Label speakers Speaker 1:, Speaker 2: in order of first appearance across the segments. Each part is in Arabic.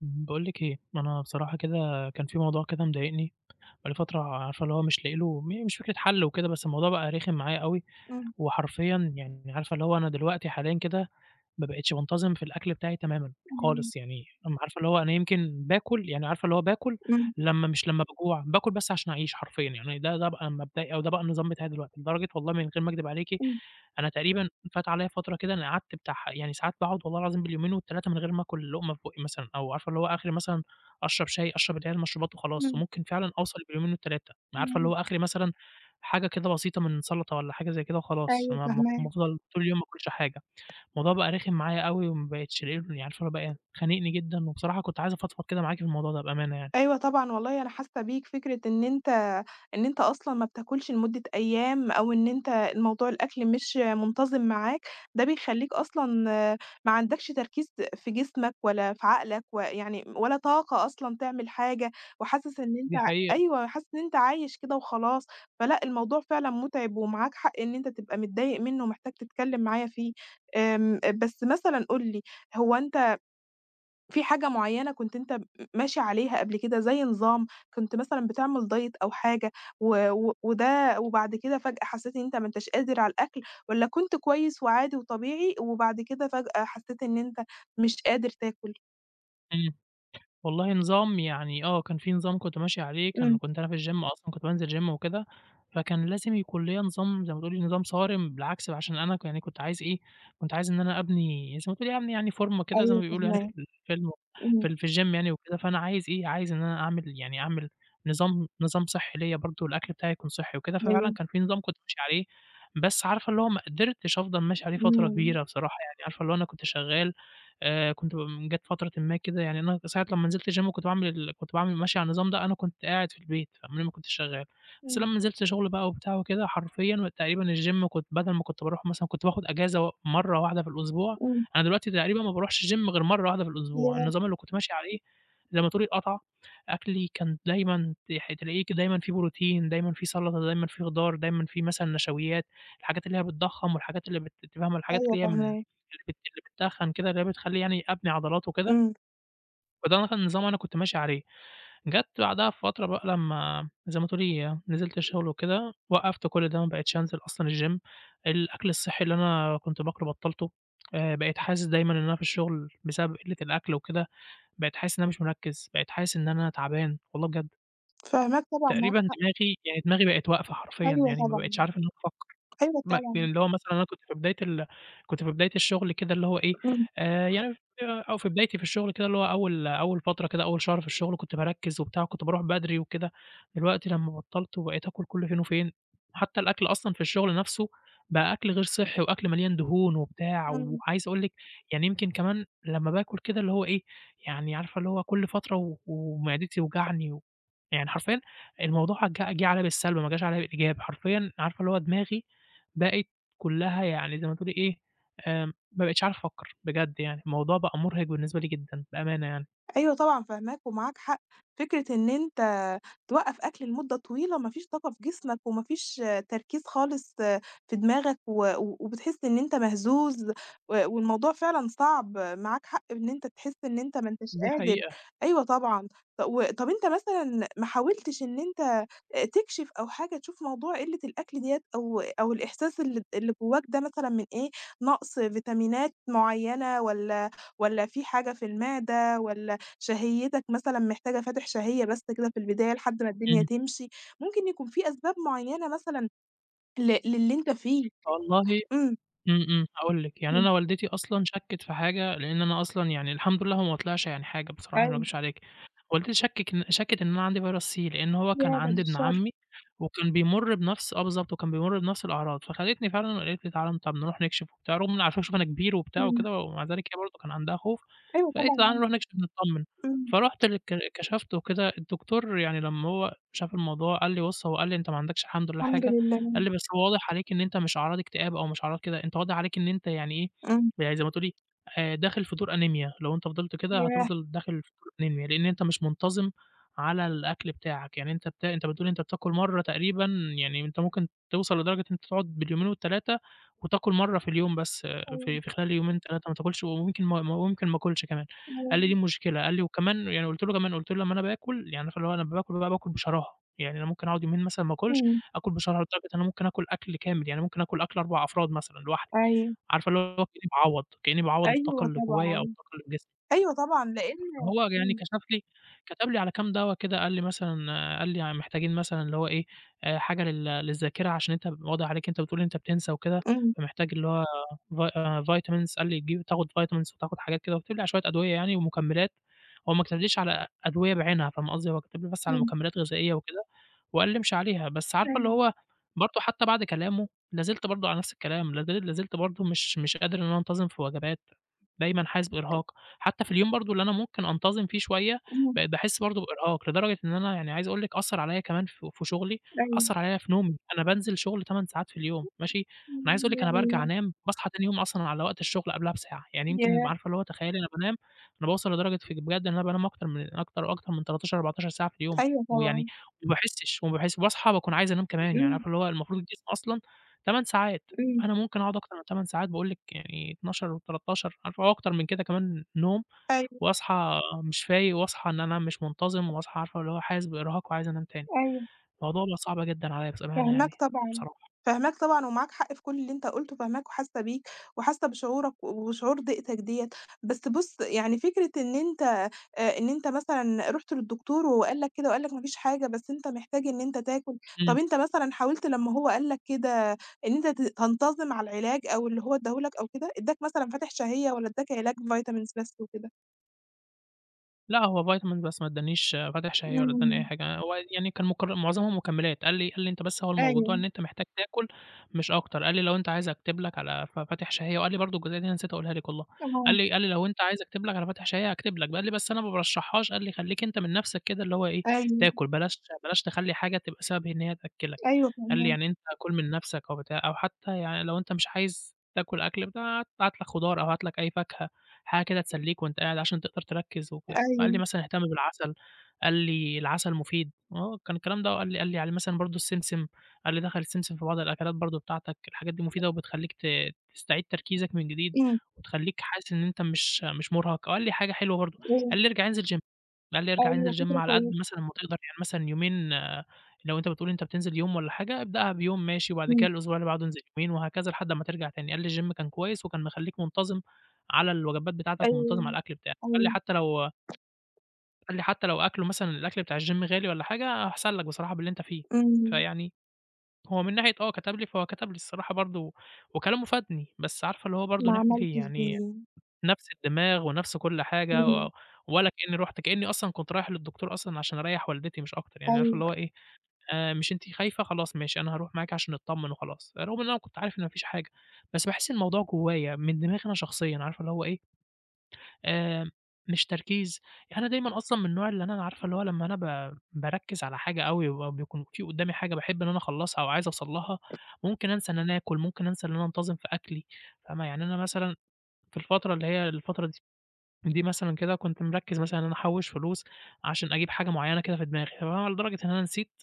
Speaker 1: باقول لِك إيه، أنا بصراحة كده كان في موضوع كده مضايقني بقى لي فترة عارفة اللي هو مش لاقي له م مش فكرة حل وكده، بس الموضوع بقى رخم معايا أوي
Speaker 2: إمم.
Speaker 1: وحرفيًا يعني عارفة اللي هو أنا دلوقتي حاليًا كده ما بقيتش بانتظم في الأكْل بتاعي تمامًا،
Speaker 2: تمام
Speaker 1: خالص، يعني عارفة اللي هو أنا يمكن باكل يعني عارفة اللي هو باكل
Speaker 2: إمم.
Speaker 1: لمّا مش لمّا باجوع، باكل بس عشان أعيش حرفيًا، يعني ده ده بقى مبدئي أو ده بقى النظام بتاعي دلوقتي، لدرجة والله من غير ما أكدب عليكِ.
Speaker 2: إمم.
Speaker 1: أنا تقريبًا فات عليَّ فترة كده أنا قعدت بتاع ح يعني ساعات باقعد والله العظيم باليومين وال3 من غير ما آكل لقمة في بُقّي مثلًا، أو عارفة اللي هو آخري مثلًا أشرب شاي، أشرب اللي هي المشروبات وخلاص،
Speaker 2: إمم.
Speaker 1: وممكن فعلًا أوصل باليومين وال3 عارفة اللي
Speaker 2: [unintelligible]
Speaker 1: هو آخري مثلًا حاجة كده بسيطة من سلطة والّا حاجة زي كده وخلاص،
Speaker 2: أيوه
Speaker 1: أنا م م
Speaker 2: فاهماك.
Speaker 1: افضَل طول اليوم ما اكلش حاجة، الموضوع بقى رخم معايا أوي وما بقيتش لاقي له عارفة هو بقى خانقني جدًا، وبصراحة كنت عايز أفضفض كده معاكِ في الموضوع ده بأمانة يعني.
Speaker 2: أيوه طبعًا والله أنا حاسة بيك، فكرة إن أنت إن أنت أصلًا ما بتاكلش لمدة أيام، أو إن أنت الموضوع الأكْل مش منتظم معاك، ده بيخلّيك أصلًا ما عندكش تركيز في جسمك ولا في عقلك و يعني ولا طاقة أصلًا تعمل حاجة وحاسس إن أنت
Speaker 1: دي حقيقة.
Speaker 2: أيوه حاسس إن أنت عايش كده وخلاص، فلأ الموضوع فعلًا متعب ومعاك حق إن أنت تبقى متضايق منه ومحتاج تتكلم معايا فيه، آمم، بس مثلًا قُل لي هو أنت في حاجة معيّنة كنت أنت ماشي عليها قبل كده زي نظام كنت مثلًا بتعمل diet أو حاجة و و وده وبعد كده فجأة حسيت إن أنت ما أنتاش قادر على الأكْل، والّا كنت كويس وعادي وطبيعي وبعد كده فجأة حسيت إن أنت مش قادر تاكل؟
Speaker 1: إمم، والله نظام يعني آه، كان في نظام كنت ماشي عليه، كان
Speaker 2: إمم.
Speaker 1: كنت أنا في الgym أصلًا كنت بانزل gym وكده، فكان لازم يكون ليّا نظام زي ما تقولي نظام صارم، بالعكس بقى عشان أنا كان يعني كنت عايز إيه، كنت عايز إن أنا أبني زي ما تقولي أبني يعني فورمة كده زي ما
Speaker 2: أيوه
Speaker 1: بيقولوا يعني في
Speaker 2: فاهماك،
Speaker 1: الفيلم في
Speaker 2: إمم.
Speaker 1: ال في الgym يعني وكده، فأنا عايز إيه، عايز إن أنا أعمل يعني أعمل نظام نظام صحّي ليّا برضو الأكْل بتاعي يكون صحّي وكده، ففعلًا
Speaker 2: أيوه.
Speaker 1: كان في نظام كنت ماشي عليه بس عارفة اللي هو ما قدرتش أفضل ماشي عليه فترة
Speaker 2: إمم.
Speaker 1: كبيرة بصراحة، يعني عارفة اللي هو أنا كنت شغال، آآ، كنت ب جات فترة ما كده يعني أنا ساعة لمّا نزلت الgym وكنت باعمل ال كنت باعمل ماشي على النظام ده، أنا كنت قاعد في البيت قبليها ما كنتش شغال، بس
Speaker 2: إمم.
Speaker 1: لمّا نزلت شغل بقى وبتاع وكده حرفيًا تقريبًا الgym كنت بدل ما كنت باروح مثلًا كنت باخد أجازة و مَرّة واحدة في الأسبوع،
Speaker 2: إمم.
Speaker 1: أنا دلوقتي تقريبًا ما باروحش الgym غير مَرّة واحدة في الأسبوع،
Speaker 2: ياه!
Speaker 1: النظام اللي كنت ماشي عليه زي ما تقولي اتقطع، أكْلي كان دايمًا تح تلاقيه ك دايمًا فيه بروتين، دايمًا فيه سلطة، دايمًا فيه خضار، دايمًا فيه مثلًا نشويات، الحاجات اللي هي بتضخّم والحاجات اللي أنتِ فاهمة الحاجات
Speaker 2: أيوه
Speaker 1: اللي هي من اللي
Speaker 2: فاهماك.
Speaker 1: بت اللي بتتخّن كده اللي هي بتخلي يعني أبني عضلات وكده.
Speaker 2: إمم.
Speaker 1: فده كان نظام أنا كنت ماشي عليه، جَت بعدها بفترة بقى لمّا زي ما تقولي نزلت الشغل وكده، وقُفت كُلّ ده ما بقيتش أنزل أصلًا الgym الأكل الصحّي اللي أنا كنت باكلُه بَطَّلتُه، آآ، بقيت حاسس دايمًا إن أنا في الشغل بسبب قِلّة الأكل وكده، بقيت حاسس إن أنا مش مِرَكِّز، بقيت حاسس إن أنا تعبان، والله بجد.
Speaker 2: فاهماك طبعًا، معاك
Speaker 1: تقريبًا
Speaker 2: حق.
Speaker 1: دماغي، يعني دماغي بقِت واقفة حرفيًا
Speaker 2: أيوه
Speaker 1: يعني ما بقيتش
Speaker 2: طبعًا،
Speaker 1: عارف إن أنا أفكّر
Speaker 2: أيوه
Speaker 1: م
Speaker 2: طبعًا.
Speaker 1: اللي هو مثلًا أنا كنت في بداية ال كنت في بداية الشغل كده اللي هو إيه،
Speaker 2: إمم.
Speaker 1: آآ، يعني أو في بدايتي في الشغل كده اللي هو أول، أول فترة كده أول شهر في الشغل كنت باركِّز وبتاع، وكنت بارُوح بدري وكده، دلوقتي لمّا بطّلت وبقيت آكُل كُلّ فين وفين، حتى الأكل أصلًا في الشغل نفسُه، بقى أكل غير صحّي وأكل مليان دهون وبتاع،
Speaker 2: إمم.
Speaker 1: وعايز أقول لِك يعني يمكن كمان لمّا باكُل كده اللي هو إيه، يعني عارفة اللي هو كُلّ فترة و ومعدتي توجعني و يعني حرفيًا الموضوع ج جِه عليَّ بالسَلب، ما جاش عليَّ بالإيجاب، حرفيًا عارفة اللي هو دماغي بقِت كُلّها يعني زي ما تقولي إيه، آمم، ما بقيتش عارف أفكّر، بجد يعني الموضوع بقى مُرهِق بالنسبة لي جدًا، بأمانة يعني.
Speaker 2: أيوه طبعًا فاهماك، ومعاك حق، فكرة إن أنت توقَّف أكل لمدة طويلة ما فيش طاقة في جسمك، وما فيش تركيز خالص في دماغك، و وبتحس إن أنت مهزوز و والموضوع فعلًا صعب، معاك حق إن أنت تحس إن أنت ما أنتش
Speaker 1: دي
Speaker 2: قادر،
Speaker 1: حقيقة.
Speaker 2: أيوه طبعًا، ط وطَب أنت مثلًا محاولتش إن أنت تكشِف أو حاجة تشوف موضوع قلّة الأكل ديَّة أو أو الإحساس اللي اللي جواك ده مثلًا من إيه؟ نَقص فيتامينات معيّنة، والَّا، والَّا في حاجة في المعدة والَّا شهيتك مثلًا محتاجة فاتح شهية بس كده في البداية لحد ما الدنيا
Speaker 1: إمم.
Speaker 2: تمشي، ممكن يكون في أسباب معيّنة مثلًا ل للي أنت فيه،
Speaker 1: والله
Speaker 2: إمم.
Speaker 1: إمم، إمم، هاقول لِك يعني
Speaker 2: إمم.
Speaker 1: أنا والدتي أصلًا شكِّت في حاجة، لأن أنا أصلًا يعني الحمد لله هو ما طلعش يعني حاجة بصراحة، ما
Speaker 2: أيوه.
Speaker 1: أكدبش عليكِ، والدتي شكِّك شكِّت إن أنا عندي فيرس C، لأن هو كان
Speaker 2: ياه! بعد
Speaker 1: عند ابن
Speaker 2: الشر.
Speaker 1: عمي وكان بيمُرّ بنَفْس آه بالضبط، وكان بيمُرّ بنَفْس الأعراض، فخدتني فعلًا وقالت لي تعالَ طَب نرُوح نكشِف وبتاع، رغم عارفة شوفي أنا كبير وبتاع
Speaker 2: إمم.
Speaker 1: وكده، ومع ذلك هي برضه كان عندها خوف،
Speaker 2: أيوه طبعًا
Speaker 1: فقالت لي تعالَ
Speaker 2: ممكن،
Speaker 1: نرُوح نكشِف نتطَّمن،
Speaker 2: إمم.
Speaker 1: فرُحت للك ك كَشَفت وكده، الدكتور يعني لمّا هو شاف الموضوع، قال لي بُصّ هو قال لي: "أنت ما عندكش الحمد لله
Speaker 2: الحمد
Speaker 1: حاجة."
Speaker 2: لله.
Speaker 1: قال لي بس هو واضح عليك إن أنت مش أعراض إكتئاب أو مش أعراض كده، أنت واضح عليك إن أنت يعني إيه،
Speaker 2: إمم.
Speaker 1: يعني زي ما تقولي آآ، داخل في دور أنيميا، لو أنت فضلت كده
Speaker 2: ياه!
Speaker 1: هتفضل داخل في الأنيميا، لأن أنت مش منتظِم على الأكل بتاعك، يعني أنت بت أنت بتقول أنت بتاكل مرّه تقريبًا يعني أنت ممكن توصل لدرجة إن أنت تقعد باليومين وال3 وتاكل مرّه في اليوم بس
Speaker 2: أيوه.
Speaker 1: في في خلال يومين 3 ماتاكلش، وممكن وممكن ما آكُلش كمان، قال لي دي
Speaker 2: [unintelligible]
Speaker 1: المشكلة، قال لي وكمان يعني وقُلت له كمان قُلت له لمّا أنا باكل يعني عارفة اللي هو أنا باكُل، باكُل بشراهة، يعني أنا ممكن أقعد يومين مثلًا ما آكلش،
Speaker 2: إمم.
Speaker 1: آكُل بشراهة لدرجة أنا ممكن آكُل أكل كامل، يعني ممكن آكُل أكل 4 أفراد مثلًا لوحدي،
Speaker 2: أيوه.
Speaker 1: عارفة اللي هو كأني باعوَّض، كأني باعوَّض الطاقة
Speaker 2: أيوه
Speaker 1: اللي جوايا، أو
Speaker 2: طبعًا
Speaker 1: الطاقة اللي في جسمي.
Speaker 2: أيوه طبعًا لأن
Speaker 1: هو يعني
Speaker 2: إمم.
Speaker 1: كَشَف لي، كَتَب لي على كام دوا كده، قال لي مثلًا قال لي محتاجين مثلًا اللي هو إيه، حاجة لل للذاكرة عشان أنت واضح عليك إن أنت بتقول أنت بتنسى وكده،
Speaker 2: إمم.
Speaker 1: فمحتاج اللي هو vi vitamins قال لي تجيب تاخد vitamins وتاخد حاجات كده، وكَتَب لي على شوية أدوية يعني ومكمِّلات، هو ما كَتَبليش على أدوية بعينها فاهمة قصدي، هو كَتَب لي بس على
Speaker 2: إمم.
Speaker 1: مكمِّلات غذائية وكده، وقال لي امشي عليها، بس عارفة اللي
Speaker 2: أيوه.
Speaker 1: هو برضه حتى بعد كلامُه، لا زلت برضه على نَفْس الكلام، لا زل لا زلت برضه مش، مش قادر إن أنا أنتظِم في وجبات، دايمًا حاسس بإرهاق، حتى في اليوم برضه اللي أنا ممكن أنتظِم فيه شوية،
Speaker 2: إمم.
Speaker 1: بقيت باحس برضه بإرهاق، لدرجة إن أنا يعني عايز أقول لِك أثّر عليَّ كمان ف في شغلي،
Speaker 2: أيوه.
Speaker 1: أثّر عليَّ في نومي، أنا بانزل شغل 8 ساعات في اليوم، ماشي؟ أنا عايز أقول لِك أنا بارجع
Speaker 2: [unintelligible]
Speaker 1: أنام، باصحى تاني يوم أصلًا على وقت الشغل قبلَها بساعة، يعني يمكن
Speaker 2: ياه!
Speaker 1: عارفة اللي هو تخيلي أنا بانام، أنا باوصل لدرجة ف بجد إن أنا بانام أكتر من أكتر وأكتر من 13 14 ساعة في اليوم،
Speaker 2: أيوه
Speaker 1: ويعني
Speaker 2: طبعًا.
Speaker 1: ما باحسش و باحس باصحى باكون عايز أنام كمان، يعني
Speaker 2: إمم.
Speaker 1: عارفة اللي هو المفروض الجسم أصلًا 8 ساعات،
Speaker 2: إمم.
Speaker 1: أنا ممكن أقعد أكتر من 8 ساعات باقول لِك يعني 12 و13 عارفة وأكتر من كده كمان نوم،
Speaker 2: أيوه.
Speaker 1: وأصحى مش فايق، وأصحى إن أنا مش منتظِم، وأصحى عارفة اللي هو حاسس بإرهاق وعايز أنام تاني،
Speaker 2: أيوه.
Speaker 1: الموضوع بقى صعب جدًا عليَّ بصراحة يعني
Speaker 2: فاهماك طبعًا،
Speaker 1: بصراحة.
Speaker 2: فاهماك طبعًا ومعاك حق في كُلّ اللي أنت قُلتُه، فاهماك وحاسة بيك، وحاسة بشعورك و وشعور ضيقتك ديَّة، بس بُصّ يعني فكرة إن أنت آآ إن أنت مثلًا رُحت للدكتور وقال لك كده وقال لك ما فيش حاجة بس أنت محتاج إن أنت تاكل،
Speaker 1: إمم.
Speaker 2: طَب أنت مثلًا حاولت لمّا هو قال لك كده إن أنت ت تنتظِم على العلاج، أو اللي هو ادّاه لك أو كده، ادّاك مثلًا فاتِح شهية والَّا اداك علاج vitamins بس وكده؟
Speaker 1: لا هو vitamin بس ما ادّانيش فاتح شهية والّا ادّاني أي
Speaker 2: إمم.
Speaker 1: حاجة، هو يعني كان مكر معظمهم مكملات، قال لي قال لي: "أنت بس هو الموضوع إن
Speaker 2: أيوه.
Speaker 1: أنت محتاج تاكل مش أكتر"، قال لي: "لو أنت عايز أكتب لك على ف فاتح شهية"، وقال لي برضو الجزئية دي أنا نسيت أقولها لك والله، قال
Speaker 2: آه.
Speaker 1: لي قال لي: "لو أنت عايز أكتب لك على فاتح شهية أكتب لك"، ب قال لي: "بس أنا ما بارشحّهاش"، قال لي: "خلّيك أنت من نَفسك كده اللي هو إيه
Speaker 2: أيوه.
Speaker 1: تأكل، بلاش بلاش تخلّي حاجة تبقى سبب إن هي تأكّلك"،
Speaker 2: أيوه
Speaker 1: قال لي:
Speaker 2: فاهماك.
Speaker 1: "يعني أنت كُلّ من نفسك أو بتاع أو حتى يعني لو أنت مش عايز تاكل أكْل ب هات لك خضار أو هات لك أي فاكهة حاجة كده تسلّيك وأنت قاعد عشان تقدر تركز وكده"، وقال لي
Speaker 2: أيوه.
Speaker 1: مثلًا: "اهتم بالعسل"، قال لي: "العسل المفيد"، آه كان الكلام ده وقال لي قال لي على مثلًا برضو السمسم، قال لي: "دخّل السمسم في بعض الأكلات برضو بتاعتك، الحاجات دي مفيدة وبتخلّيك ت تستعيد تركيزك من جديد
Speaker 2: إمم.
Speaker 1: وتخلّيك حاسس إن أنت مش مش مرهق"، وقال لي حاجة حلوة برضو،
Speaker 2: إمم.
Speaker 1: قال لي: "ارجع انزل gym"، قال لي: "ارجع
Speaker 2: أيوه
Speaker 1: انزل gym
Speaker 2: فكرة
Speaker 1: على قدّ
Speaker 2: كويسة.
Speaker 1: مثلًا ما تقدر، يعني مثلًا يومين لو أنت بتقول أنت بتنزل يوم والّا حاجة ابدأها بيوم ماشي، وبعد
Speaker 2: إمم.
Speaker 1: كده الأسبوع اللي بعده انزل يومين وهكذا لحد أمّا ترجع تاني"، قال لي: "الgym كان كويس وكان مخلّيك منتظم على الوجبات بتاعتك ومنتظم على
Speaker 2: أيوه
Speaker 1: الأكْل بتاعك"، قال لي:
Speaker 2: أيوه.
Speaker 1: "حتى لو" قال لي: "حتى لو أكْلُه مثلًا الأكْل بتاع الgym غالي والّا حاجة أحسن لك بصراحة باللي أنت فيه".
Speaker 2: إمم.
Speaker 1: فيعني هو من ناحية آه كتب لي فهو كتب لي الصراحة برضو وكلامه فادني، بس عارفة اللي هو برضو
Speaker 2: ما
Speaker 1: نعمل إيه
Speaker 2: عملتش
Speaker 1: يعني،
Speaker 2: بيه.
Speaker 1: نَفس الدماغ ونَفس كُلّ حاجة
Speaker 2: إمم.
Speaker 1: و ولا كأني رُحت، كأني أصلًا كنت رايح للدكتور أصلًا عشان أريّح والدتي مش أكتر، يعني عارفة
Speaker 2: أيوه.
Speaker 1: اللي هو إيه آآ، مش أنتِ خايفة خلاص ماشي أنا هاروح معاكِ عشان نتطمن وخلاص، رغم إن أنا كنت عارف إن ما فيش حاجة. بس باحس إن الموضوع جوايّا من دماغي أنا شخصيًا، عارفة اللي هو إيه آآ، مش تركيز يعني أنا دايمًا أصلًا من النوع اللي أنا عارفة اللي هو لمّا أنا ب باركّز على حاجة أوي وبيبقى بيكون في قدَّامي حاجة باحب إن أنا أخلّصها أو عايز أوصل لها، ممكن أنسى إن أنا آكُل، ممكن أنسى إن أنا انتظم في أكْلي، فاهمة، يعني أنا مثلًا في الفترة اللي هي الفترة د دي مثلًا كده كنت مركّز مثلًا أنا أحوّش فلوس عشان أجيب حاجة معيّنة كده في دماغي، [unintelligible] لدرجة إن أنا نسيت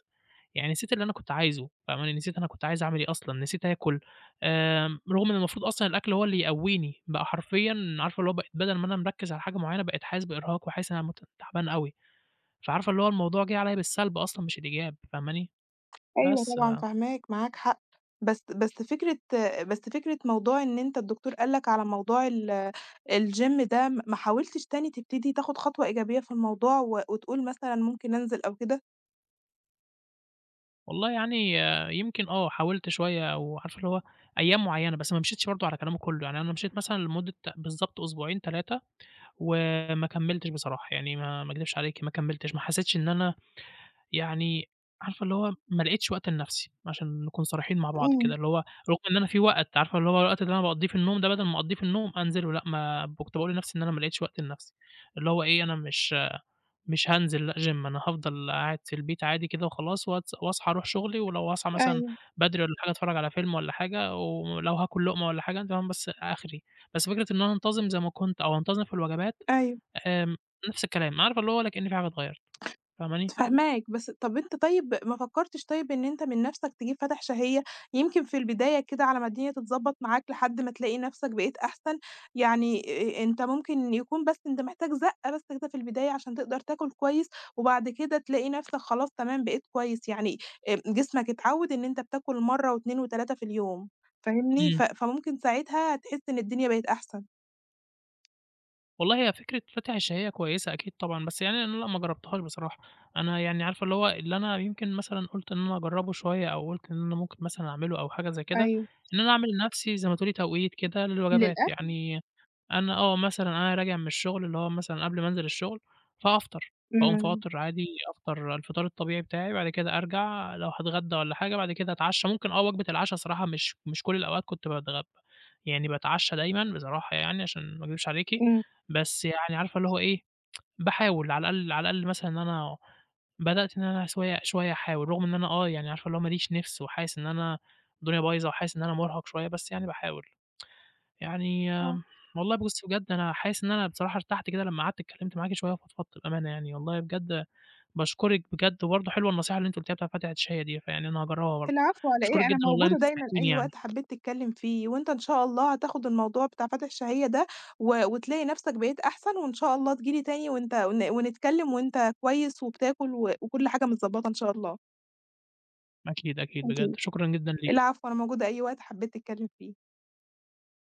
Speaker 1: يعني نسيت اللي أنا كنت عايزه فاهمة، نسيت أنا كنت عايز أعمل إيه أصلًا، نسيت آكُل، آآ، رغم إن المفروض أصلًا الأكْل هو اللي يقويني. بقى حرفيًا عارفة اللي هو ب بدل ما أنا مركّز على حاجة معيّنة بقيت حاسس بإرهاق وحاسس إن أنا مت تعبان أوي، فعارفة اللي هو الموضوع جِه عليَّ بالسلب أصلًا مش بالإيجاب، فاهماني
Speaker 2: أيوه
Speaker 1: بس
Speaker 2: طبعًا
Speaker 1: ف
Speaker 2: فاهماك، معاك حق. بس بس فكرة بس فكرة موضوع إن أنت الدكتور قال لك على موضوع ال الgym ده، م ما حاولتش تاني تبتدي تاخد خطوة إيجابية في الموضوع و وتقول مثلًا ممكن أنزل أو كده؟
Speaker 1: والله يعني يمكن آه، حاولت شوية وعارِفة اللي هو أيام معيّنة، بس ما مشيتش برضه على كلامه كلّه، يعني أنا مشيت مثلًا لمدة بالضبط أسبوعين 3 وما كملتش بصراحة. يعني ما ما أكدبش عليكِ ما كملتش، ما حسيتش إن أنا يعني، عارِفة اللي هو ما لقيتش وقت لنفسي، عشان نكون صريحين مع بعض
Speaker 2: امم.
Speaker 1: كده، اللي هو رغم إن أنا في وقت، عارِفة اللي هو الوقت اللي أنا باقضّيه في النوم ده، بدل ما أقضّيه في النوم، أنزِله لأ، ما كنت باقول لنفسي إن أنا ما لقيتش وقت لنفسي. اللي هو إيه، أنا مش مش هانزِل لأ GYM، أنا هافضل قاعد في البيت عادي كده وخلاص، واتس وأصحى أروح شغلي، ولو هاصاحي مثلًا
Speaker 2: أيوه.
Speaker 1: بدري والّا حاجة أتفرّج على فيلم والّا حاجة، ولو هاكل لُقمة والّا حاجة تمام بس آخري. بس فكرة إن أنا أنتظم زي ما كنت أو أنتظم في الوجبات،
Speaker 2: أيوه.
Speaker 1: آمم، نفس الكلام، عارِفة اللي هو ولا كأن في حاجة اتغيّرت، فاهماني؟
Speaker 2: فاهماك، بس طب أنت طيب ما فكّرتش طيب إن أنت من نفسَك تجيب فاتح شهيّة؟ يمكن في البداية كده على ما الدنيا تتضبّط معاك لحد ما تلاقي نفسَك بقيت أحسن، يعني آآ آآ أنت ممكن يكون بس أنت محتاج زقّة بس كده في البداية عشان تقدر تاكل كويّس، وبعد كده تلاقي نفسَك خلاص تمام بقيت كويّس يعني آآ جسمَك اتعوّد إن أنت بتاكل مرّة و2 و3 في اليوم، فاهمني؟ ف
Speaker 1: امم.
Speaker 2: فممكن ساعتها تحس إن الدنيا بقت أحسن.
Speaker 1: والله هي فكرة فاتح الشهية كويسة أكيد طبعًا، بس يعني أنا لأ ما جربتهاش بصراحة، أنا يعني عارفة اللي هو اللي أنا يمكن مثلًا قلت إن أنا أجربه شوية، أو قلت إن أنا ممكن مثلًا أعمله أو حاجة زي كده،
Speaker 2: أيوه.
Speaker 1: إن أنا أعمل لنفسي زي ما تقولي توقيت كده للوجبات،
Speaker 2: للأكل؟
Speaker 1: يعني أنا آه مثلًا، أنا راجع من الشغل اللي هو مثلًا قبل ما أنزل الشغل، فهافطر، فاقوم
Speaker 2: إمم.
Speaker 1: فاطر عادي، أفطر الفطار الطبيعي بتاعي، بعد كده أرجع لو هاتغدى والّا حاجة بعد كده أتعشى، ممكن آه وجبة العشا الصراحة، مش مش كل الأوقات كنت باتغ يعني باتعشى دايمًا بصراحة يعني، عشان ما أكدبش عليكِ،
Speaker 2: إمم.
Speaker 1: بس يعني عارفة اللي هو إيه، باحاول على الأقل، على الأقل مثلًا، إن أنا بدأت إن أنا شوية شوية أحاول، رغم إن أنا آه يعني عارفة اللي هو ماليش نفس، وحاسس إن أنا الدنيا بايظة، وحاسس إن أنا مرهق شوية، بس يعني باحاول. يعني
Speaker 2: آه.
Speaker 1: والله بُصي، بجد أنا حاسس إن أنا بصراحة ارتحت كده، لما قعدت اتكلمت معاكِ شوية، وفضفضت بأمانة يعني، والله بجد باشكرِك، بجد برضه حلوة النصيحة اللي أنتِ قلتيها بتاعة فاتح الشهية دي، فيعني أنا هاجربها برضه،
Speaker 2: العفو على
Speaker 1: أشكرِك
Speaker 2: إيه، أنا
Speaker 1: جدًا والله إن
Speaker 2: موجودة
Speaker 1: أنتِ
Speaker 2: دايمًا،
Speaker 1: سمعتيني
Speaker 2: أي
Speaker 1: يعني.
Speaker 2: وقت حبيت تتكلم فيه، وأنت إن شاء الله هتاخد الموضوع بتاع فاتح الشهية ده، و وتلاقي نفسك بقيت أحسن، وإن شاء الله تيجي لي تاني، وأنت و ونتكلم، وأنت كويس، وبتاكل، وكل حاجة متضبطة إن شاء الله.
Speaker 1: أكيد، أكيد، بجد
Speaker 2: أكيد،
Speaker 1: شكرًا جدًا ليكِ.
Speaker 2: العفو، أنا موجودة أي وقت حبيت تتكلم فيه.